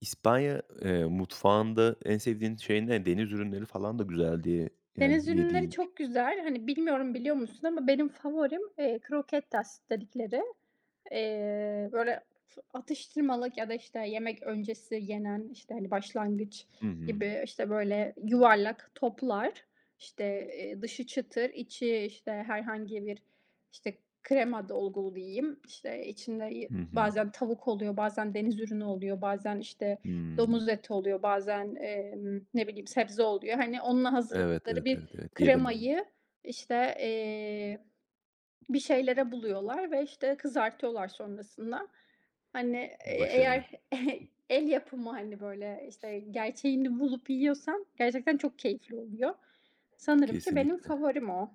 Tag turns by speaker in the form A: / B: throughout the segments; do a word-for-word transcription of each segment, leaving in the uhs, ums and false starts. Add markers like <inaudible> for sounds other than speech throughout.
A: İspanya, eee, mutfağında en sevdiğin şey ne? Deniz ürünleri falan da güzel, diye Yani
B: Deniz ürünleri
A: yediğin.
B: çok güzel. Hani, bilmiyorum biliyor musun ama benim favorim, eee, croquetas dedikleri. Eee, böyle, f atıştırmalık ya da, işte, yemek öncesi yenen, işte, hani, başlangıç
A: Hı hı.
B: gibi, işte, böyle, yuvarlak toplar. İşte, eee, dışı çıtır, içi, işte, herhangi bir, işte, krema dolgulu diyeyim. İşte, içinde y
A: Hı hı.
B: bazen tavuk oluyor, bazen deniz ürünü oluyor, bazen, işte,
A: Hımm.
B: domuz eti oluyor, bazen, emm, ne bileyim, sebze oluyor. Hani, onunla
A: Evet,
B: hazırladıkları
A: evet,
B: bir
A: evet, evet, yedim.
B: kremayı, işte, eee, bir şeylere buluyorlar ve, işte, kızartıyorlar sonrasında. Hani, eğ
A: Başarılı.
B: eğer <chuckles> el yapımı, hani, böyle, işte, gerçeğini bulup yiyorsan gerçekten çok keyifli oluyor. Sanırım ki benim
A: Kesinlikle.
B: favorim o.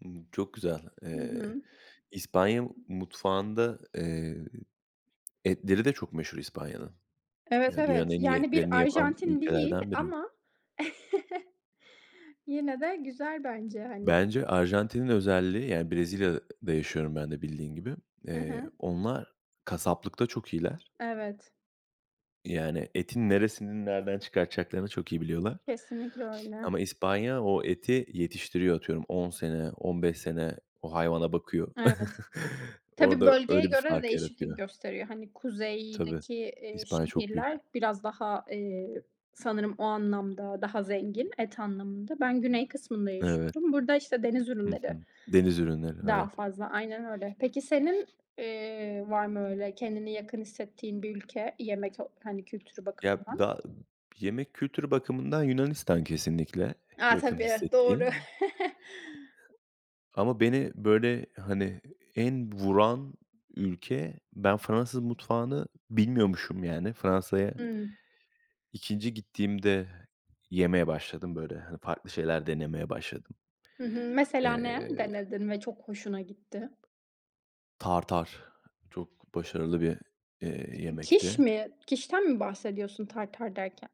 A: Imm, çok güzel.
B: Hı
A: Eee,
B: hı.
A: İspanya m mutfağında eee, etleri de çok meşhur İspanya'nın.
B: Evet,
A: Yani dünyanın
B: evet.
A: en iyi
B: Yani bir
A: etlerini yapan
B: Arjantin değil
A: ülkelerden biri.
B: ama <chuckles> yine de güzel bence hani.
A: Bence Arjantin'in özelliği yani, Brezilya'da yaşıyorum ben de bildiğin gibi,
B: Hı
A: eee,
B: hı.
A: onlar kasaplıkta çok iyiler.
B: Evet.
A: Yani etin neresinin nereden çıkartacaklarını çok iyi biliyorlar.
B: Kesinlikle öyle.
A: Ama İspanya o eti yetiştiriyor atıyorum on sene, on beş sene o hayvana bakıyor.
B: Evet.
A: <chuckles>
B: Tabii,
A: Orada
B: bölgeye
A: öyle bir
B: göre de
A: fark
B: değişiklik
A: yaratıyor.
B: gösteriyor. Hani,
A: Tabii,
B: kuzeydeki, eee,
A: İspanya çok büyük.
B: şehirler biraz daha, eee, sanırım o anlamda daha zengin. Et anlamında. Ben güney kısmında
A: Evet.
B: yaşıyorum. Burada, işte, deniz
A: Hı
B: ürünleri
A: hı. Deniz ürünleri,
B: daha
A: evet.
B: fazla Aynen öyle. Peki senin, eee, var mı öyle kendini yakın hissettiğin bir ülke? Yemek ol hani, kültürü
A: Ya,
B: bakımından.
A: da yemek kültürü bakımından Yunanistan kesinlikle
B: A,
A: yakın
B: tabii. Doğru.
A: hissettiğim.
B: <chuckles>
A: Ama beni, böyle, hani, en vuran ülke ben Fransız mutfağını bilmiyormuşum yani. Fransa'ya
B: Hımm.
A: ikinci gittiğimde yemeye başladım, böyle, hani, farklı şeyler denemeye başladım.
B: Hı hı. Mesela ne
A: Eee
B: denedin ve çok hoşuna gitti?
A: tartare çok başarılı bir, eee,
B: İ quiche
A: yemekti.
B: mi? quiche'ten mi bahsediyorsun tartare derken?